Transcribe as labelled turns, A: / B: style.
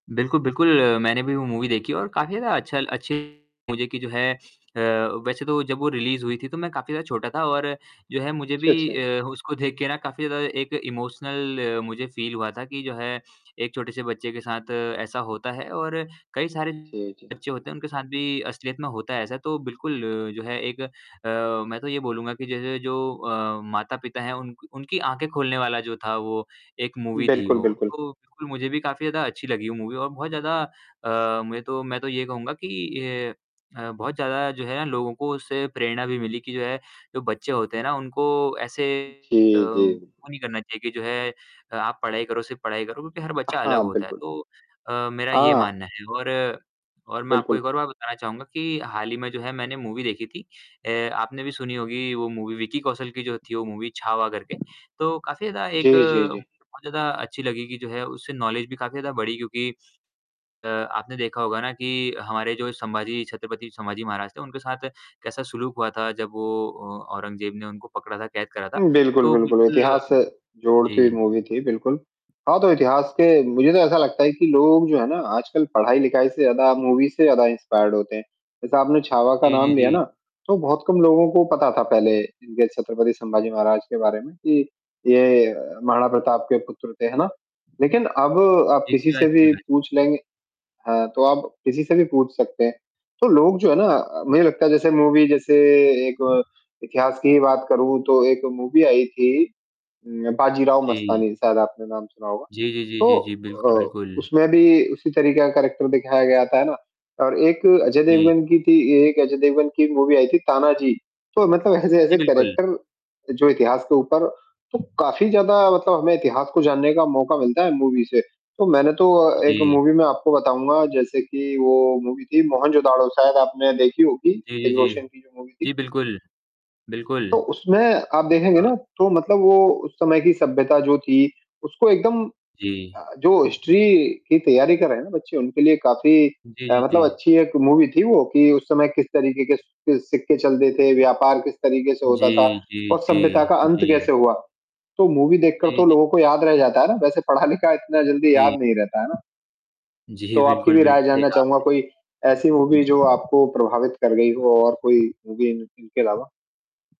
A: बिल्कुल, बिल्कुल अ, मैंने भी वो मूवी देखी और काफ़ी ज़्यादा अच्छा अच्छी मुझे जो कि है अ, वैसे तो जब वो रिलीज़ हुई थी तो मैं काफ़ी ज़्यादा छोटा था और जो है मुझे भी
B: छ छा
A: अ, उसको देख के ना काफ़ी ज़्यादा एक इमोशनल अ, मुझे फ़ील हुआ था कि जो है एक छोटे से बच्चे के साथ ऐसा होता है और कई सारे
B: जी, जी।
A: बच्चे होते हैं उनके साथ भी असलियत में होता है ऐसा तो बिल्कुल जो है एक अ, मैं तो ये बोलूँगा कि जैसे जो अ, माता-पिता हैं उनक उनकी ऑंखें खोलने वाला जो था वो एक मूवी थी
B: बिल्कुल,
A: वो,
B: बिल्कुल।
A: तो मुझे भी काफ़ी ज़्यादा अच्छी लगी वो मूवी और बहुत ज़्यादा अ, मुझे तो मैं तो ये कहूँगा कि अ, बहुत ज़्यादा जो है ना लोगों को उससे प्रेरणा भी मिली कि जो है जो बच्चे होते हैं ना उनको ऐसे [unintelligible] अ,
B: जी, जी।
A: वो नहीं करना चाहिए कि जो है आप पढ़ाई करो, सिर्फ़ पढ़ाई करो क्योंकि हर
B: अ,
A: बच्चा अलग
B: हाँ,
A: होता है।
B: बिल्कुल।
A: तो अ, मेरा ये
B: हाँ।
A: मानना है और और मैं आपको एक
B: बिल्कुल।
A: और बात बताना चाहूँगा कि हाल ही में जो है मैंने मूवी देखी थी। अ, आपने भी सुनी होगी वो मूवी विक्की कौशल की जो थी वो मूवी छावा करके, तो काफ़ी ज़्यादा एक
B: जी, जी, जी।
A: बहुत ज़्यादा अच्छी लगी कि जो है उससे नॉलेज भी काफ़ी ज़्यादा बढ़ी क्योंकि अ, आपने देखा होगा ना कि हमारे जो संभाजी छत्रपति संभाजी महाराज थे उनके साथ कैसा सुलूक हुआ था जब वो अ, औरंगज़ेब ने उनको पकड़ा था, कैद करा था।
B: हुँ, बिल्कुल,
A: तो
B: बिल्कुल,
A: बिल्कुल
B: इतिहास से जोड़ती हुई
A: जी।
B: मूवी थी बिल्कुल। हाँ तो इतिहास के मुझे तो
A: [unintelligible]
B: ऐसा लगता है कि लोग जो है ना आजकल पढ़ाई-लिखाई से ज़्यादा मूवी से ज़्यादा इंस्पायर्ड होते हैं। जैसा आपने छावा का
A: जी, जी,
B: नाम लिया
A: जी।
B: ना, तो बहुत कम लोगों को पता था पहले इनके छत्रपति संभाजी महाराज के बारे में कि ये महाराणा प्रताप के पुत्र थे, है ना? लेकिन अब आप
A: जी,
B: किसी से
A: शिवाजी
B: भी
A: महाराज।
B: पूछ लेंगे हाँ तो आप किसी से भी पूछ सकते हैं। तो लोग जो है ना मुझे अ, लगता है जैसे मूवी जैसे एक इतिहास की बात करूँ तो एक मूवी आई थी उ बाजीराव
A: जी।
B: मस्तानी, शायद आपने नाम सुना होगा।
A: जी, जी, जी,
B: तो
A: जी, जी, बिल्कुल,
B: अ,
A: बिल्कुल।
B: उसमें भी उसी तरीके का करैक्टर दिखाया गया था, है ना? और एक अजय
A: जी।
B: देवगन की थी एक अजय देवगन की मूवी आई थी तानाजी, तो मतलब ऐसे-ऐसे
A: जी, बिल्कुल।
B: करैक्टर जो इतिहास के ऊपर तो काफ़ी ज़्यादा मतलब हमें इतिहास को जानने का मौका मिलता है मूवी से, तो मैंने तो एक
A: जी।
B: मूवी मैं आपको बताऊँगा जैसे कि वो मूवी थी मोहनजोदड़ो शायद आपने देखी होगी।
A: जी, जी,
B: ऋतिक रोशन
A: जी।
B: की जो मूवी थी।
A: जी, बिल्कुल,
B: तो
A: बिल्कुल।
B: उसमें आप देखेंगे
A: अ
B: ना तो मतलब वो उस समय की सभ्यता जो थी उसको एकदम
A: जी।
B: अ, जो हिस्ट्री की तैयारी कर रहे हैं ना बच्चे उनके लिए काफ़ी
A: जी,
B: अ,
A: जी,
B: मतलब
A: जी।
B: अच्छी एक मूवी थी वो, कि उस समय किस तरीके के सिक्क सिक्के चलते थे, व्यापार किस तरीके से
A: जी,
B: होता था
A: जी,
B: और सभ्यता
A: जी,
B: का अंत
A: जी।
B: कैसे हुआ। तो मूवी देखकर
A: जी,
B: तो
A: जी।
B: लोगों को याद रह जाता है ना, वैसे पढ़ा-लिखा इतना जल्दी याद
A: जी।
B: नहीं रहता है ना?
A: जी,
B: तो आपकी
A: बिल्कुल,
B: भी राय
A: बिल्कुल, सही
B: जानना
A: कहा अपने।
B: चाहूँगा कोई ऐसी मूवी जो आपको प्रभावित कर गई हो और कोई मूवी इन इनके अलावा।